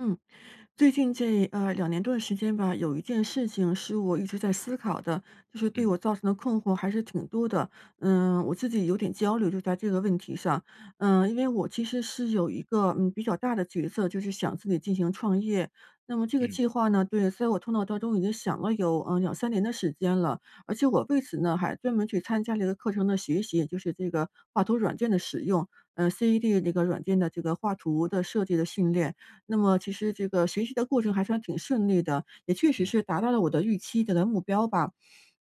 嗯，最近这呃，2年多的时间吧，有一件事情是我一直在思考的，就是对嗯。我造成的困惑还是挺多的。嗯，我自己有点焦虑就在这个问题上，嗯，因为我其实是有一个，嗯，比较大的角色，就是想自己进行创业。那么这个嗯。计划呢对，所以我头脑当中已经想了有，嗯，2，3年的时间了。而且我为此呢，还专门去参加这个课程的学习，也就是这个画图软件的使用，呃，ced 那个软件的这个画图的设计的训练。那么其实这个学习的过程还算挺顺利的，也确实嗯。是达到了我的预期的的目标吧。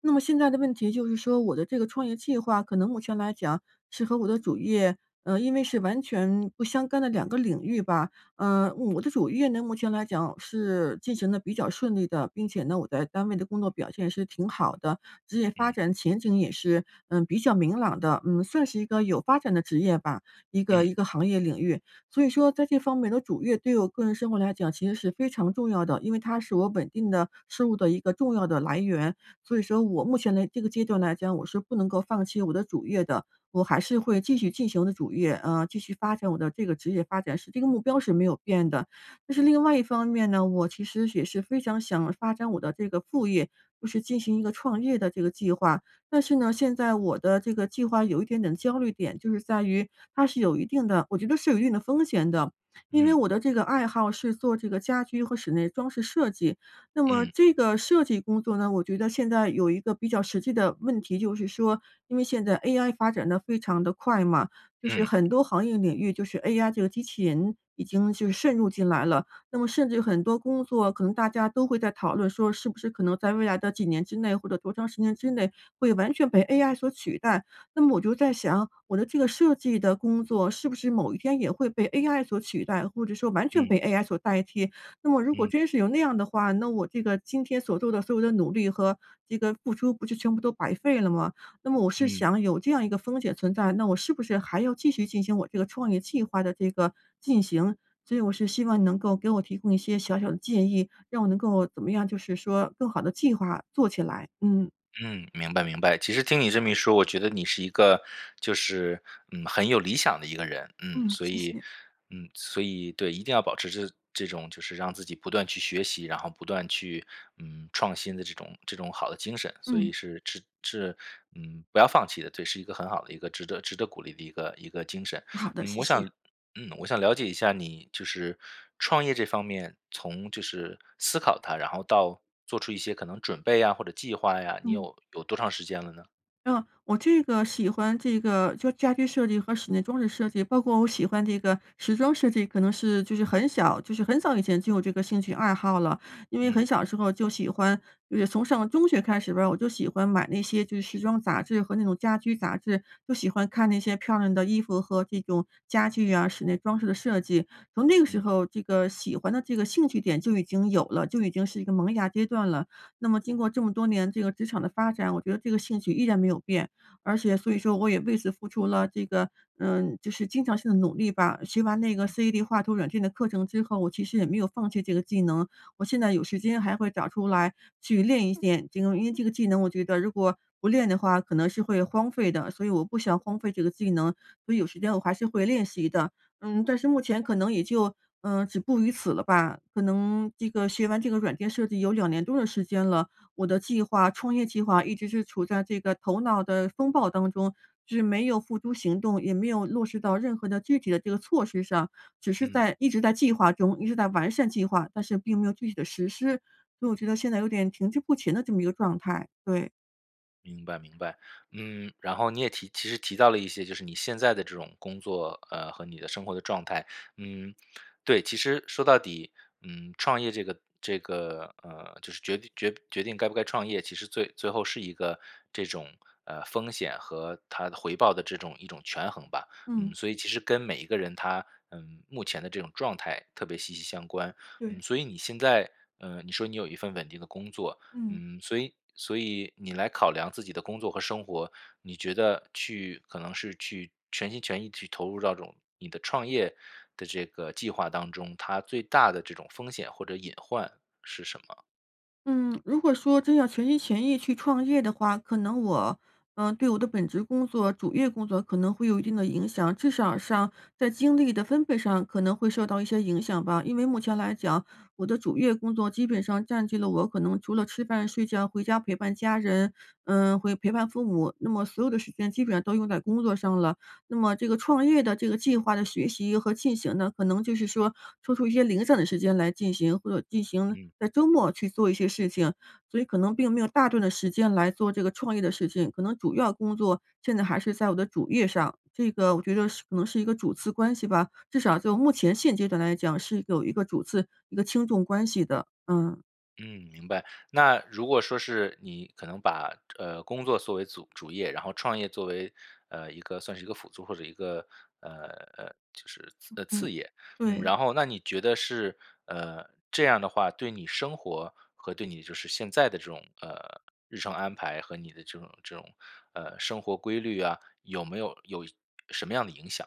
那么现在的问题就是说我的这个创业计划可能目前来讲是和我的主业呃，因为是完全不相干的2个领域吧。呃，我的主业呢，目前来讲是进行得比较顺利的。并且呢，我在单位的工作表现是挺好的，职业发嗯。展前景也是，嗯，比较明朗的。嗯，算是一个有发展的职业吧，一个嗯。一个行业领域。所以说在这方面我的主业对我个人生活来讲其实是非常重要的，因为它是我稳定的收入的一个重要的来源。所以说我目前的这个阶段来讲，我是不能够放弃我的主业的，我还是会继续进行我的主业啊，继续发展我的这个职业发展是这个目标是没有变的。但是另外一方面呢，我其实也是非常想发展我的这个副业，就是进行一个创业的这个计划。但是呢，现在我的这个计划有一点点焦虑点，就是在于它是有一定的我觉得是有一定的风险的。因为嗯。我的这个爱好是做这个家居和室内装饰设计，那么嗯。这个设计工作呢，我觉得现在有一个比较实际的问题。就是说，因为现在 ai 发展得非常地快嘛，就是嗯。很多行业领域就是 ai 这个机器人已经就渗入进来了。那么甚至很多工作可能大家都会在讨论说是不是可能在未来的几年之内或者多长时间之内会完全被 ai 所取代。那么我就在想，我的这个设计的工作是不是某一天也会被 ai 所取代，或者说完全嗯。被 ai 所代替。那么如果嗯。真是有那样的话，那我这个今天所做的所有的努力和这个付出不就全部都白费了吗？那么我是嗯。想有这样一个风险存在，那我是不是还要继续进行我这个创业计划的这个进行。所以我是希望你能够给我提供一些小小的建议，让我能够怎么样，就是说更好地计划做起来，嗯。嗯，明白明白。其实听你这么一说，我觉得你是一个就是，嗯，很有理想的一个人。嗯，嗯，所谢以谢。嗯，所以对，一定要保持着这种就是让自己不断去学习，然后不断去，嗯，创新的这种这种好的精神，所以嗯。是是是，嗯，不要放弃的，这是一个很好的一个值得值得鼓励的一个一个精神。好的，嗯，谢我谢。想嗯，我想了解一下你就是创业这方面，从就是思考它，然后到做出一些可能准备呀或者计划呀，你嗯。有有多长时间了呢？啊，我这个喜欢这个就家居设计和室内装置设计，包括我喜欢这个时装设计可能是就是很小，就是很早以前就有这个兴趣爱好了。因为很嗯。小的时候就喜欢，而且就从上中学开始吧，我就喜欢买那些就是时装杂志和那种家居杂志，就喜欢看那些漂亮的衣服和这种家具啊，室内装饰的设计。从那个时嗯。候这个喜欢的这个兴趣点就已经有了，就已经是一个萌芽阶段了。那么经过这么多年这个职场的发展，我觉得这个兴趣依然没有变，而且所以说我也为此付出了这个，嗯，就是经常性地努力吧。学完那个嗯。CAD 画图软件的课程之后，我其实也没有放弃这个技能。我现在有时间还会找出来去练一练这个，嗯，因为这个技能我觉得如果不练的话，可能是会荒废的。所以我不想荒废这个技能，所以有时间我还是会练习的。嗯，但是目前可能也就，嗯，止步于此了吧，可能这个学完这个软件设计有2年多的时间了，我的计划创业计划一直是处在这个头脑的风暴当中，是没有付诸行动，也没有落实到任何的具体的这个措施上。只是嗯。在一直在计划中，一直在完善计划，但是并没有具体的实施，所以我觉得现在有点停滞不前的这么一个状态，对。明白，明白。嗯，然后你也提其实提到了一些，就是你现在的这种工作，呃，和你的生活的状态，嗯。对，其实说到底，嗯，创业这个这个，呃，就是决决决定该不该创业，其实最最后是一个这种，呃，风险和它回报的这种一种权衡吧。嗯，嗯。所以其实跟每一个人他，呃，目前的这种状态特别息息相关。对。嗯，所以你现在，呃，你说你有一份稳定的工作，嗯。嗯，所以所以你来考量自己的工作和生活，你觉得去可能是去全心全意去投入到这种你的创业的这个计划当中，它最大的这种风险或者隐患是什么？嗯，如果说真要全心全意去创业的话，可能我，呃，对我的本职工作、主业工作可能会有一定的影响，至少上在精力的分配上可能会受到一些影响吧。因为目前来讲，我的主业工作基本上占据了我可能除了吃饭睡觉，回家陪伴家人，呃，会陪伴父母，那么所有的时间基本上都用在工作上了。那么这个创业的这个计划的学习和进行呢，可能就是说抽出一些零散的时间来进行，或者进行嗯。在周末去做一些事情，所以可能并没有大段的时间来做这个创业的事情，可能主要工作现在还是在我的主业上。这个我觉得是可能是一个主次关系吧，至少就目前现阶段来讲是有一个主次，一个轻重关系的，嗯。嗯，明白。那如果说是你可能把，呃，工作作为主主业，然后创业作为，呃，一个算是一个辅助，或者一个，呃，呃，就是嗯，呃，嗯，次业，嗯，对。然后那你觉得是，呃，这样的话对你生活和对你就是现在的这种，呃，日程安排和你的这种这种，呃，生活规律啊，有没有有什么样的影响？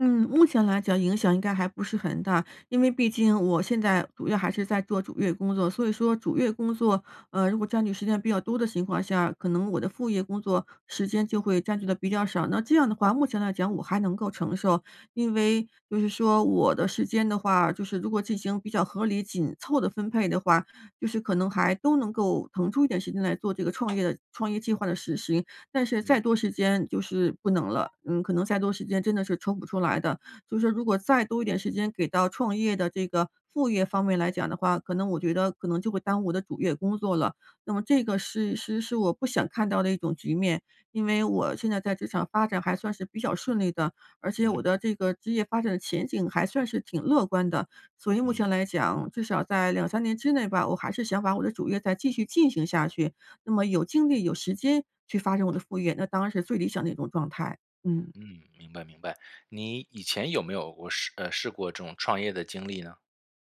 嗯，目前来讲影响应该还不是很大。因为毕竟我现在主要还是在做主业工作，所以说主业工作，呃，如果占据时间比较多的情况下，可能我的副业工作时间就会占据的比较少。那这样的话，目前来讲我还能够承受，因为就是说我的时间的话，就是如果进行比较合理紧凑的分配的话，就是可能还都能够腾出一点时间来做这个创业的创业计划的实行。但是嗯。再多时间就是不能了，嗯，可能再多时间真的是抽不出来的。就是如果再多一点时间给到创业的这个副业方面来讲的话，可能我觉得可能就会耽误我的主业工作了，那么这个是是是我不想看到的一种局面。因为我现在在职场发展还算是比较顺利的，而且我嗯。的这个职业发展的前景还算是挺乐观的，所以目嗯。前来讲，至少在2，3年之内吧，我还是想把我的主业再继续进行下去，那么有精力有时间去发展我的副业，那当然是最理想的一种状态，嗯。嗯，明白明白，你以前有没有过试，呃，试过这种创业的经历呢？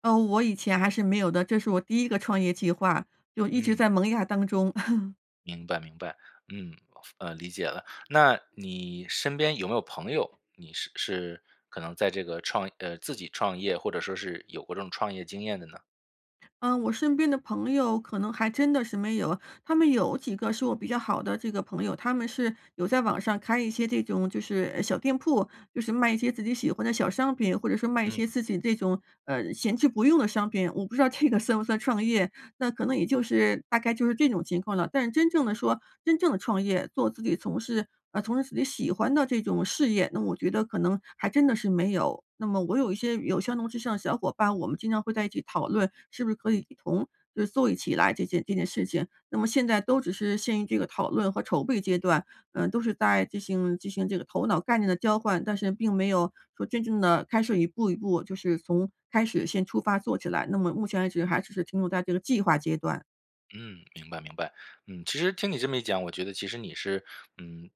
哦，我以前还是没有的，这是我第1个创业计划，就一直嗯。在萌芽当中。明白明白，嗯，呃，理解了，那你身边有没有朋友？你是是可能在这个创呃，自己创业，或者说是有过这种创业经验的呢？嗯，我身边的朋友可能还真的是没有。他们有几个是我比较好的这个朋友，他们是有在网上开一些这种就是，呃，小店铺，就是卖一些自己喜欢的小商品，或者说卖一些嗯。自己这种，呃，闲置不用的商品，我不知道这个算不算创业。那可能也就是大概就是这种情况了，但是真正的说真正的创业做自己从事啊，从事自己喜欢的这种事业，那我觉得可能还真的是没有，那么我有一些有相同志向的小伙伴，我们经常会在一起讨论，是不是可以一同就是做一起来这件这件事情，那么现在都只是陷于这个讨论和筹备阶段，嗯，都是在进行进行这个头脑概念的交换，但是并没有说真正地开始一步一步就是从开始先出发做起来，那么目前为止还只是停留在这个计划阶段。嗯，明白明白，嗯，其实听你这么一讲，我觉得其实你是，嗯，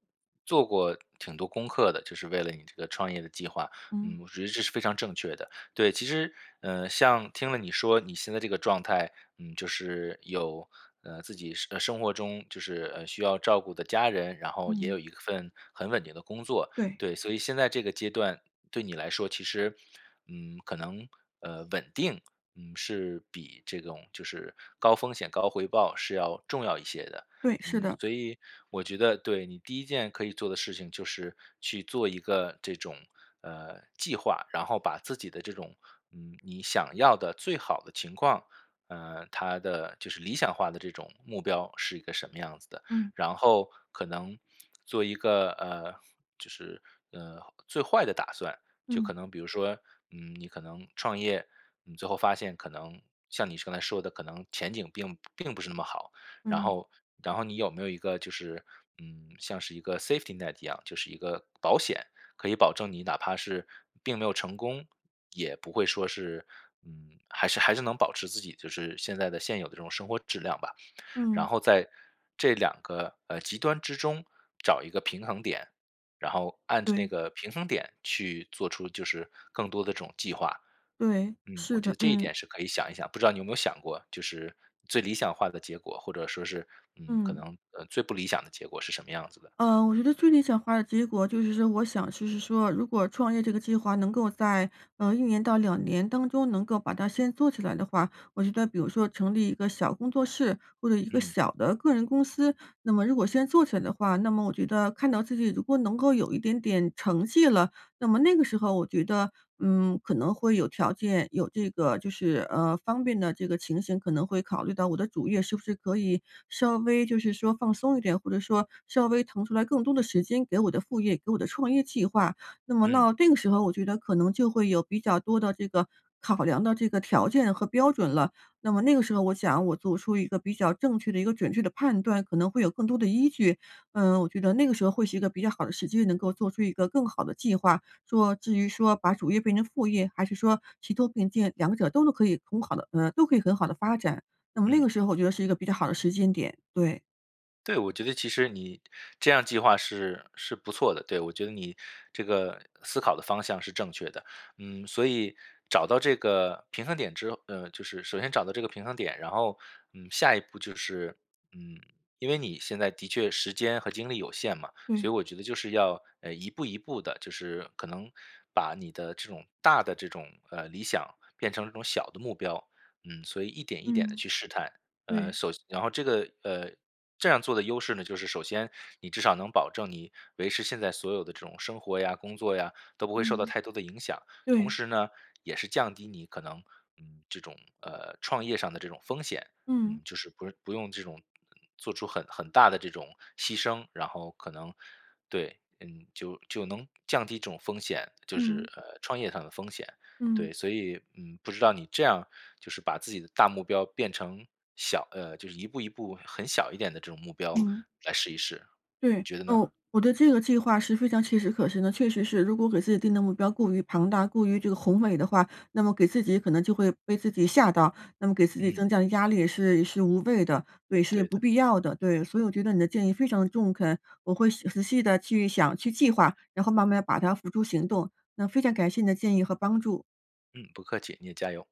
做过挺多功课的，就是为了你这个创业的计划，嗯。嗯，我觉得这是非常正确的。对，其实，呃，像听了你说你现在这个状态，嗯，就是有，呃，自己生呃，生活中就是，呃，需要照顾的家人，然后也嗯。有一份很稳定的工作，对。对，所以现在这个阶段，对你来说其实，嗯，可能，呃，稳定，是比这种就是高风险高回报是要重要一些的。对，是嗯，的。所以我觉得对，你第1件可以做的事情就是去做一个这种，呃，计划，然后把自己的这种，嗯，你想要的最好的情况，呃，它的就是理想化的这种目标是一个什么样子的，嗯。然后可能，做一个，呃，就是，呃，最坏的打算，就可嗯。能比如说，嗯，你可能创业，你最后发现可能像你刚才说的，可能前景并并不是那么好，然嗯。后然后你有没有一个就是，嗯，像是一个 safety net 一样，就是一个保险，可以保证你哪怕是并没有成功，也不会说是嗯，还是还是能保持自己就是现在的现有的这种生活质量吧。然嗯。后在这2个，呃，极端之中找一个平衡点，然后按着那对。个平衡点去做出就是更多的这种计划。对，嗯，是我觉的。得这一嗯。点是可以想一想，不知道你有没有想过，就是最理想化的结果，或者说是，嗯，可嗯。能，呃，最不理想的结果是什么样子的。呃，我觉得最理想化的结果就是说，我想就是说如果创业这个计划能够在，呃，1年到2年当中能够把它先做起来的话，我觉得比如说成立一个小工作室，或者一个嗯。小的个人公司，那么如果先做起来的话，那么我觉得看到自己如果能够有一点点成绩了，那么那个时候我觉得，嗯，可能会有条件，有这个就是呃，方便的这个情形可能会考虑到我的主业是不是可以稍微就是说放松一点，或者说稍微腾出来更多的时间给我的副业，给我的创业计划。那么嗯。到这个时候我觉得可能就会有比较多的这个考量的这个条件和标准了，那么那个时候我想我做出一个比较正确的一个准确的判断，可能会有更多的依据，嗯，我觉得那个时候会是一个比较好的时机，能够做出一个更好的计划。说至于说把主业变成副业，还是说齐头并进，两者都能可以很好地呃，都可以很好地发展，那么那嗯。个时候我觉得是一个比较好的时间点，对。对，我觉得其实你这样计划是是不错的，对，我觉得你这个思考的方向是正确的。嗯，所以找到这个平衡点之后呃，就是首先找到这个平衡点，然后，嗯，下1步就是，嗯，因为你现在的确时间和精力有限嘛，所对。以我觉得就是要，呃，一步一步地就是可能把你的这种大的这种，呃，理想，变成这种小的目标。嗯，所以一点一点地嗯。去试探，呃，对。首先然后这个，呃，这样做的优势呢，就是首先你至少能保证你维持现在所有的这种生活呀，工作呀，都不会受到嗯。太多的影响。同对。时呢，也是降低你可能，嗯，这种，呃，创业上的这种风险，嗯。嗯，就是不用不用这种做出很很大的这种牺牲，然后可能对，嗯，就就能降低这种风险，就嗯。是，呃，创业上的风险，嗯。对。所以，嗯，不知道你这样儿就是把自己的大目标变成小呃，就是一步一步很小一点的这种目标嗯。来试一试，你对，觉得呢？哦，我对这个计划是非常切实可行的。确实是，如果给自己定的目标过于庞大，过于这个宏伟的话，那么给自己可能就会被自己吓到，那么给自己嗯。增加的压力也是是无谓的对，是对不的。必要的。对，所以我觉得你的建议非常中肯，我会细仔细地去想，去计划，然后慢慢把它付诸行动。那非常感谢你的建议和帮助。嗯，不客气，你也加油。